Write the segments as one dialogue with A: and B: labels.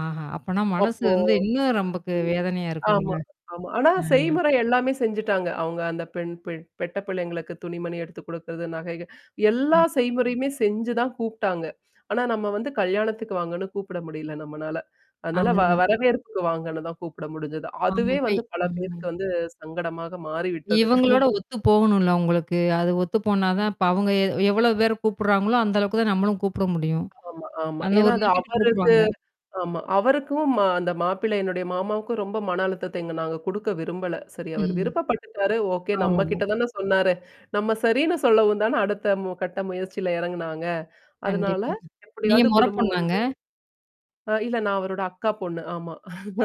A: ஆஹ. அப்பனா மனசு
B: அப்போ,
A: வந்து இன்னும் நமக்கு வேதனையா இருக்கும்ல.
B: ஆமா, ஆமா. ஆனா
A: ஆ.
B: செய்முறை எல்லாமே செஞ்சுட்டாங்க. அவங்க அந்த பெண் பெ பெட்ட பிள்ளைங்களுக்கு துணி மணி எடுத்து குடுக்குறது, நகைகள்
A: ஆ.
B: எல்லா செய்முறையுமே செஞ்சு தான் கூப்பிடாங்க. ஆனா நம்ம வந்து கல்யாணத்துக்கு வாங்கன்னு கூப்பிட முடியல நம்மனால. அதனால
A: அத
B: வ
A: தான்.
B: வரவேற்புக்கு வாங்கன்னு தான் கூப்பிட முடிஞ்சது. அதுவே
A: ஆமா
B: வந்து
A: பேய்.
B: பல
A: ம்.
B: பேருக்கு வந்து சங்கடமாக மாறிவிட்டது.
A: இவங்களோட ஒத்து போகணும்ல அவுங்களுக்கு. அது ஒத்து போனா தான், இப்ப அவங்க எ எவ்ளோ பேர் கூப்படுறாங்களோ அந்த அளவுக்கு தான் நம்மளும் கூப்பிட முடியும்.
B: ஆமா, ஆமா.
A: அந்த
B: ஏன்னா
A: ஒரு
B: அது
A: லிமிட்டுக்கு
B: அவருக்கு
A: கூப்புடுவாங்க.
B: ஆமா. அவருக்கும் மா அந்த மாப்பிள்ளைன்னுடைய மாமாவுக்கும் ரொம்ப மன அழுத்த எங்க நாங்க குடுக்க விரும்பல. சரி அவரு
A: ம்.
B: விருப்பப்பட்டுட்டாரு, ஓகே நம்ம கிட்ட
A: அவ்ளோதான்.
B: தானே சொன்னாரு. நம்ம சரின்னு சொல்லவும் தான அடுத்த, மு கட்ட முயற்சியில இறங்குனாங்க. அதனால
A: கண்டிப்பா. நீங்க
B: எப்டியாவது
A: முற
B: குடும்பம் வந்து
A: பொண்ணாங்க?
B: ஆ. இல்ல நான் அவரோட அக்கா பொண்ணு. ஆமா.
A: ஆ,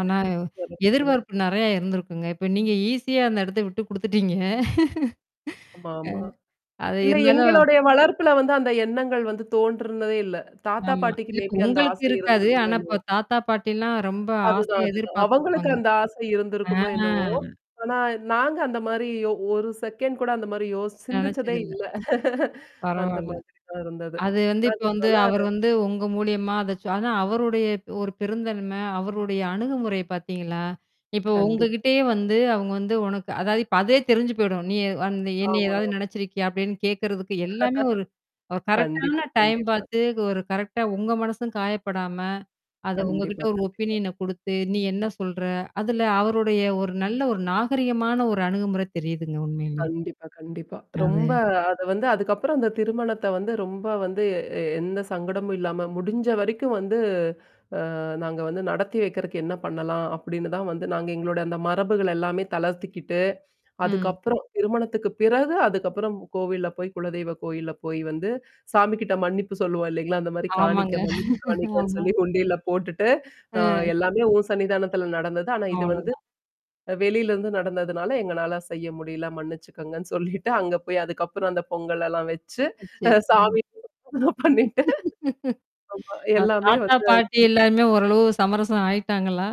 A: ஆனா
B: பெரிய பொண்ணுதான்.
A: எதிர்பார்ப்பு நெறைய இருந்திருக்குங்க. இப்ப நீங்க ஈஸியா அந்த இடத்த விட்டு குடுத்துட்டீங்க. ம்.
B: ஆமா. ஆமா.
A: அது
B: இல்ல
A: இருந்தாலும்
B: எங்களுடைய வளர்ப்புல வந்து, அந்த எண்ணங்கள் வந்து தோன்றுனதே இல்ல. தாத்தா
A: ஆமா.
B: பாட்டிக்கு
A: இல்ல
B: மே
A: இப்ப
B: பி அந்த
A: உங்களுக்கு
B: ஆசை
A: இருக்காது.
B: இருந்திருக்குமோ?
A: ஆனா, இப்ப
B: என்னவோ?
A: தாத்தா பாட்டிலாம் ரொம்ப
B: அதுதான்.
A: ஆசையா
B: அதுதான். அவங்களுக்கு
A: எதிர்பார்த்துருப்பாங்க.
B: அந்த ஆசை
A: ஆ.
B: இருந்திருக்குமோ? என்னவோ? ஆனா நாங்க அந்த மாரி யோ 1 செகண்ட் கூட அந்த மாரி யோசி சிந்திச்சதே
A: நெனச்சதில்ல.
B: இல்ல. அந்த
A: பரவால்ல.
B: மாதிரி தான் இருந்தது.
A: அது வந்து இப்ப
B: அதுக்கு
A: வந்து அவர்
B: மேல
A: வந்து உங்க மூலியமா அதாச்சம் ஆனா அவருடைய ஒரு பெருந்தன்மை அவருடைய அணுகுமுறை பார்த்தீங்களா? இப்ப
B: கண்டிப்
A: உங்ககிட்டயே வந்து, அவங்க வந்து, உனக்கு அதாவது இப்ப அதே தெரிஞ்சு போயிடும். நீ அ என்னய
B: ஆமா.
A: ஏதாவது நினச்சிருக்கியா? அப்டின்னு கேட்கறதுக்கு எல்லாமே ஒரு ஒரு அ,
B: கண்டிப்பா,
A: கரெக்ட்டான டைம்
B: கண்டிப்பா.
A: பாத்து ஒரு கரெக்ட்டா உங்க மனசும் காயப்படாம, அத உங்ககிட்ட
B: கண்டிப்பா.
A: ஒரு
B: கண்டிப்பா.
A: ஒப்பினியன குடுத்து, நீ என்ன சொல்ற? அதுல அவருடைய ஒரு நல்ல ஒரு நாகரீகமான ஒரு அணுகுமுறை தெரியுதுங்க உண்மையிலே.
B: கண்டிப்பா, கண்டிப்பா.
A: அதுவே
B: ரொம்ப அது வந்து, அதுக்கப்புறம் அந்த திருமணத்த வந்து, ரொம்ப வந்து, எ எந்த சங்கடமும் இல்லாம முடிஞ்ச வரைக்கும் வந்து, அ நாங்க வந்து நடத்தி வெக்கிறக்கு என்ன பண்ணலாம் அப்டின்னு தான் வந்து நாங்க எங்களோட அந்த மரபுகள் எல்லாமே தளர்த்திக்கிட்டு,
A: ம்.
B: அதுக்கப்புறம் திருமணத்துக்கு பிறகு அதுக்கப்புறம் கோவில்ல போய் குலதெய்வ கோயில்ல போய் வந்து சாமிகிட்ட மன்னிப்பு சொல்லுவோம் இல்லைங்களா? அந்த மாரி காணிக்க
A: ஆமாங்க.
B: மன்னிப்பு காணிக்கன்னு
A: ஆமா.
B: சொல்லி உண்டியில போட்டுட்டு, அ
A: ஆ.
B: எல்லாமே உன் சன்னிதானத்துல நடந்தது. ஆனா, இது வந்து,
A: அவ்ளோதான்.
B: வெளியிலருந்து நடந்ததுனால எங்களனால செய்ய முடியல மன்னிச்சுக்கங்கன்னு சொல்லிட்டு அங்க போய் அதுக்கப்புறம் அந்த பொங்கலெல்லாம் வச்சு,
A: வச்சி, ம்.
B: அ சாமி [unintelligible] பண்ணிட்டு. ஆமா.
A: ஆ,
B: எல்லாமே
A: தாத்தா,
B: வந்து
A: பாட்டி எல்லாருாமே
B: [unintelligible]
A: ஓரளவு சமரசம் ஆயிட்டாங்களா?